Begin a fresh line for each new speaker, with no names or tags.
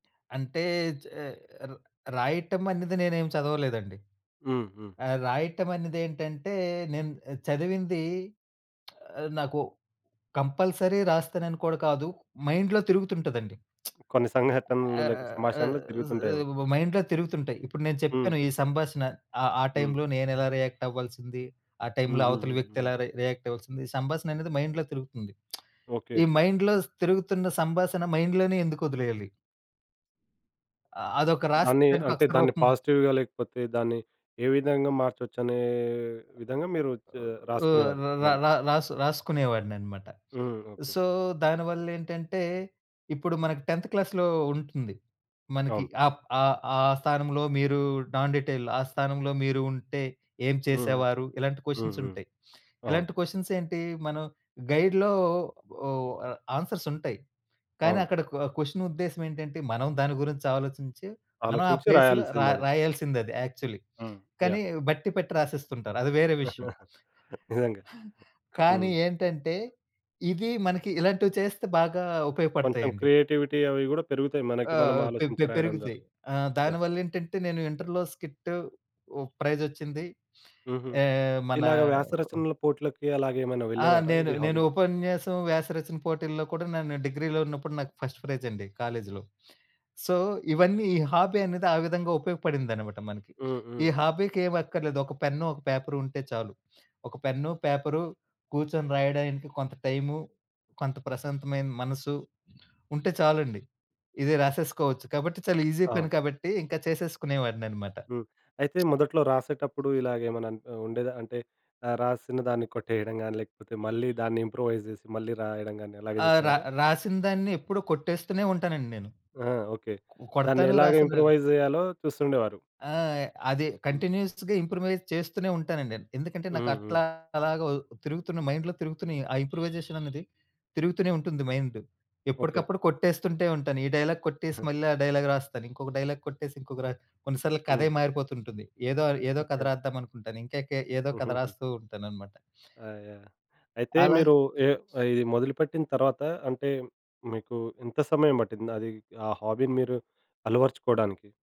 అంటే చే ర రాయటమనేది నేనేమి చదవలేదండి.
హ్మ్. హ్మ్.
ఆ! రాయటమనేదేంటంటే నేను చదివింది. ఆహ్, నాకు కంపల్సరీ రాస్తానని కూడా కాదు మైండ్‌లో తిరుగుతుంటదండి.
కొన్ని సంఘటనలు లేకపొ
ఆహ్, ఆహ్,
సంభాషణలు తిరుగుతుంటాయేమో.
జ్ మైండ్‌లో తిరుగుతుంటాయి. ఇప్పుడు నేను
హ్మ్.
చెప్పాను. ఈ సంభాషణ ఆహ్, ఆ
హ్మ్.
టై‌మ్‌లో నేనెలా రియాక్ట్ అవ్వాల్సింది? ఆ టై‌మ్‌లో అవతల వ్యక్తి
హుహుహుహు.
ఎలా రి రియాక్ట్ అవ్వాల్సింది? సంభాషణ అనేది మైండ్‌లో తిరుగుతుంది.
ఓకే.
ఈ మైండ్‌లో తిరుగుతున్న సంభాషణ మైండ్‌లోనే ఎందుకొదిలేయాలి? ఆహ్, అదొక రాసి
దాన్ని
దాని
అంటే
అక్షర
దాన్ని
రూపం
పాజిటివ్‌గా లేకపోతే దాన్ని ఏ విధంగా మార్చొచ్చు అనే విధంగా మీరు చె
ఓ
రాసుకునేవారు
ర ర
దాన్ని.
ర రాసు రాసుకునేవాడిననమాట.
హ్మ్. ఓకే.
సో, దానివల్లేంటంటే ఇప్పుడు మనకి 10థ్ క్లాస్‌‌లో ఉంటుంది. మనకి
అవును.
ఆప్ ఆహ్, ఆహ్, ఆ స్థానంలో మీరు నాన్ డీటెయిల్ ఆ స్థానంలో మీరు ఉంటే ఏం
హుహు,
చేసేవారు? ఇలాంటి
హుహు.
కొషన్సుంటాయి.
అవును.
ఇలాంటి కొషన్సేంటి మనం గైడ్‌‌‌లో ఓ ఆహ్, ఆన్‌సర్సుంటాయి. కానీ,
అవును.
అక్కడ కొ క్వెషనుద్దేశమేంటంటే మనం దాని గురించి ఆలోచించి మనం ఆ
ఆలోచించి
ప్లేస్‌లో రా
రాయాల్సిందది.
రాయాల్సిందది యాక్చలీ.
హ్మ్.
కానీ
యాహ్!
బట్టి పెట్టి రాసేస్తుంటారు. అది వేరే విషయం.
నిజంగా.
కానీ
హ్మ్.
ఏంటంటే ఇవి మనకి ఇలాంటివి చేస్తే బాగా
కొంచెం
ఉపయోగపడతాయండి.
క్రియేటివిటీ అవి గూడా పెరుగుతాయి. మనకి మనం
ఆహ్, పె
ఆలోచించి
పె
రాయడం ద్వారా
పెరుగుతాయి. ఆహ్,
యాహ్!
దానివల్లేంటంటే నేను ఇంటర్‌లో స్కిట్ ఓ ప్రైజొచ్చింది.
హుహు.
ఏ మనా
ఇలాగ వ్యాసరచనల పోట్లకి అలాగేమైనా
ఆ!
వెళ్ళేవారా?
నేను
ఇది
నేను
హాబీ
ఉపన్యాసం, వ్యాసరచన పోటీల్లో కూడా నను డిగ్రీలో ఉన్నప్పుడు నాకు ఫస్ట్ ప్రైజండి. కాలేజీలో సో, ఇవన్నీ ఈ హాబీ అనేది ఆ విధంగా ఉపయోగపడిందనమాట మనకి.
హ్మ్,
ఈ
హ్మ్.
హాబీకి ఏమక్కర్లేదు ఒక పెన్ను ఒక పేపరుంటే చాలు. ఒక పెన్ను, పేపరు కూర్చొని రాయడానికి కొంత టైము, కొంత ప్రశాంతమైన మనసు ఉంటే చాలండి. ఇది రాసేసుకోవచ్చు కాబట్టి చాలా ఈజీ
అవును.
పని కాబట్టి ఇంక చేసేసుకునేవాడిననమాట.
హ్మ్. అయితే మొదట్లో రాసేటప్పుడు ఇలాగేమన్నా అనిపి ఉండేదా? అంటే ఆహ్, రాసిన దాన్ని కొట్టేయడం గానీ, లేకపోతే మళ్ళీ దాన్ని ఇంప్రూవైజ్ చేసి మళ్ళీ రాయడం గానీ అలాగ
ఆహ్, ర
జేసేవారా?
రాసినదాన్ని ఎప్పుడు కొట్టేస్తూనే ఉంటానండి నేను.
ఆ! ఓకే.
కొ
దాన్ని
కొడతాను
ఎలాగా
రాసను
ఇంప్రూవైజ్ జేయాలో చూస్తుండేవారు.
ఆ! అది
హ్మ్.
కంటిన్యూయస్‌గా ఇంప్రూవైజ్ చేస్తూనే ఉంటానండి. ఎందుకంటే
హ్మ్, హ్మ్.
నాకట్లాగా తిరుగుతున్న మైండ్‌లో తిరుగుతునియి ఆ ఇంప్రూవైజేషననేది. తిరుగుతూనే ఉంటుంది మైండ్.
ఓకే.
ఎప్పడుకప్పుడు కొట్టేస్తుంటే ఉంటాను. ఈ డైలాగ్ కొట్టేసి మళ్ళీ ఆ డైలాగ్ రాస్తాను. ఇంకొక డైలాగ్ కొట్టేసి ఇంకొక ర కొన్ని సార్లు కథే
హ్మ్.
మారిపోతుంటుంది. ఏదో అను ఏదో కథ
ఓకే.
రాద్దామనుకుంటాను. ఇంకెకె ఏదో కథ
హుహుహు.
రాస్తూ ఉంటాననమాట.
ఆ! యాహ్! అయితే
అలా
మీరు ఏహ్ ఇది మొదలుపెట్టిన తర్వాత అంటే మీకు ఎంత సమయం బట్టింది అది ఆ హాబీ మీరు అలవరచుకోవడానికి?